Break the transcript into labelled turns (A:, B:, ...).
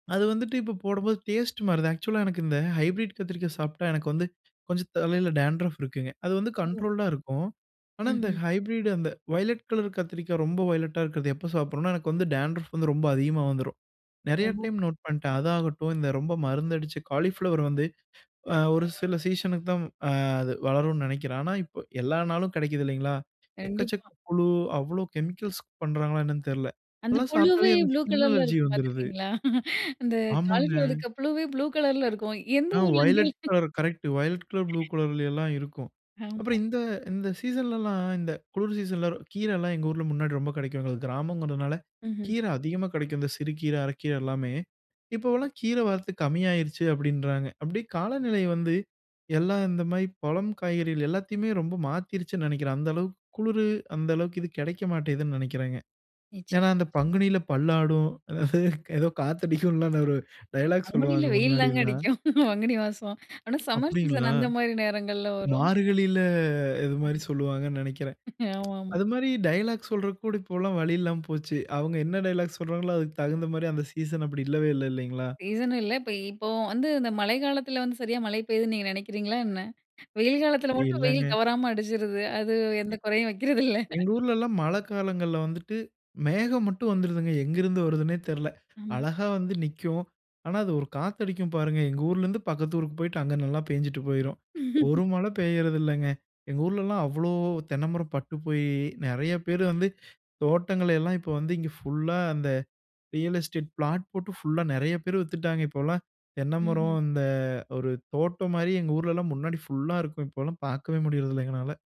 A: அது வந்துட்டு இப்ப போடும்போது டேஸ்ட் மாறுது. ஆக்சுவலா, எனக்கு இந்த ஹைப்ரிட் கத்திரிக்கா சாப்ட்டா எனக்கு வந்து, கொஞ்சம் தலையில டான்ட்ரஃப் இருக்குங்க. அது வந்து
B: ம்.
A: கண்ட்ரோல்டா இருக்கும். ஆனா, இந்த
B: ம்ஹ்ம்.
A: ஹைப்ரிட் அந்த வயலட் கலர் கத்திரிக்காய் ரொம்ப வயலெட்டா இருக்கிறது எப்ப சாப்பிட்றேனா எனக்கு வந்து, டான்ட்ரஃப் வந்து ரொம்ப அதிகமா வந்துரும். நெறைய டைம்
B: ஆமங்க.
A: நோட் பண்டேன். அது ஆகட்டும், இந்த ரொம்ப மருந்து அடிச்ச காலிஃப்ளவர் வந்து, அ ஒரு சில சீசனுக்கு தான் வ ஆ அது வளரும்னு நெனைக்கிறேன். ஆனா, இப்ப எல்லா நாளும் கெடைக்குது இல்லைங்களா? எக்கச்சக்க
B: கண்டிப்பா.
A: புழு, அவ்வளோ கெமிக்கல்ஸ்க் பண்றாங்களா என்னென்னு தெரியல.
B: அந்த
A: அதெல்லாம்
B: புழுவே
A: சாப்பிட்டாலே எனக்கு
B: ப்ளூ
A: ஸ்கின்
B: கலர்ல
A: அலர்ஜி
B: இருக்கும்
A: வந்துருது.
B: பாத்துருக்கீங்களா? அந்த காலிஃப்ளவர்ல
A: ஆமாங்க.
B: இருக்குற புழுவே ப்ளூ கலர்ல இருக்கும். எந்த
A: ஆ
B: ஊர்ல
A: violet
B: [unintelligible]
A: colour correct, violet colour blue கலர்லலாம் இருக்கும்.
B: ஆமா.
A: அப்புறம் இந்த இந்த சீசனலாம் இந்த குளிர் சீசன்ல, கீரலாம் எங்க ஊர்ல முன்னாடி ரொம்ப கெடைக்குங்க. அது கிராமங்கிறனால
B: ம்ஹ்ம்.
A: கீரை அதிகமா கெடைக்கும். இந்த சிறு கீர, அரக்கீர எல்லாமே. இப்போவலாம் கீர வரத்து கம்மியாயிருச்சு அப்படின்றாங்க. அப்படியே காலநிலை வந்து, எல்லாம் இந்த மாரி பழம், காய்கறிகள் எல்லாத்தையுமே ரொம்ப மாத்திருச்சுன்னு நெனைக்கிறேன். அந்த அளவுக்கு குளுரு, அந்த அளவுக்கு இது கெடைக்க மாட்டேங்குதுன்னு நெனக்கிறேங்க. ஏன்னா,
B: நிச்சயமா
A: அந்த
B: நிச்சயமா.
A: பங்குனியில பல்லாடும். ஏதோ காத்தடிக்கும்ல அந்த ஒரு டயலாக்
B: பங்குனில
A: சொல்லுவாங்க
B: வெயில் தாங்க
A: முன்னாடில்லா.
B: அடிக்கும். பங்குனி மாசம். ஆனா, சம்மர் சீசன்
A: அப்படீங்களா?
B: அந்த மாரி நேரங்கள்ல வரும்.
A: மார்கழில இது மாரி
B: ஆமா.
A: சொல்வாங்கன்னு நெனைக்கிறேன். ப்ச்
B: ஆமாம்மா.
A: அது மாரி டயலாக் சொல்றதுக்கூட இப்போல்லாம் வழியில்லாம போச்சு. அவுங்க என்ன டயலாக் சொல்றாங்களோ, அதுக்கு தகுந்த மாரி அந்த சீசன் அப்படி இல்லவே இல்ல இல்லைங்களா?
B: சீசனும் இல்ல. இப்ப இப்போ வந்து, இந்த மழை காலத்தில வந்து சரியா மழை பெய்யுதுன்னு நீங்க நெனைக்கிறீங்களா என்ன? வெயில் காலத்தில மட்டும் வெயில்
A: இல்லங்க.
B: தவறாம அடிச்சிருது. அது
A: அ
B: எந்த கொறையும் வக்கிறதில்ல.
A: எங்க ஊர்லலாம் மழைக்காலங்கள்ல வந்துட்டு மேகம் மட்டும் வந்துருதுங்க. எங்கிருந்து வருதுன்னே தெரில!
B: ம்.
A: அழகா வந்து நிக்கும். ஆனா, அது ஒரு காத்தடிக்கும் பாருங்க, எங்க ஊர்லருந்து பக்கத்து ஊருக்கு போய்ட்டு, அங்க நல்லா பேஞ்சுட்டு போயிரும். ஒரு மழை பேயுறதில்லைங்க. எங்க ஊர்லலாம் அவ்வளோ தென்ன மரம் பட்டு போயி, நெறைய பேர் வந்து தோட்டங்களையெல்லாம், இப்போ வந்து இங்க ஃபுல்லா அந்த ரியல் எஸ்டேட் பிளாட் போட்டு ஃபுல்லா நெறைய பேர் வித்துட்டாங்க. இப்போலாம் தென்ன மரம்,
B: ம்ஹ்ம்.
A: அந்த ஒரு தோட்டம் மாரி எங்க ஊர்லலாம் முன்னாடி ஃபுல்லா இருக்கும். இப்போலாம் பாக்கவே முடியறதில்ல எங்கனால.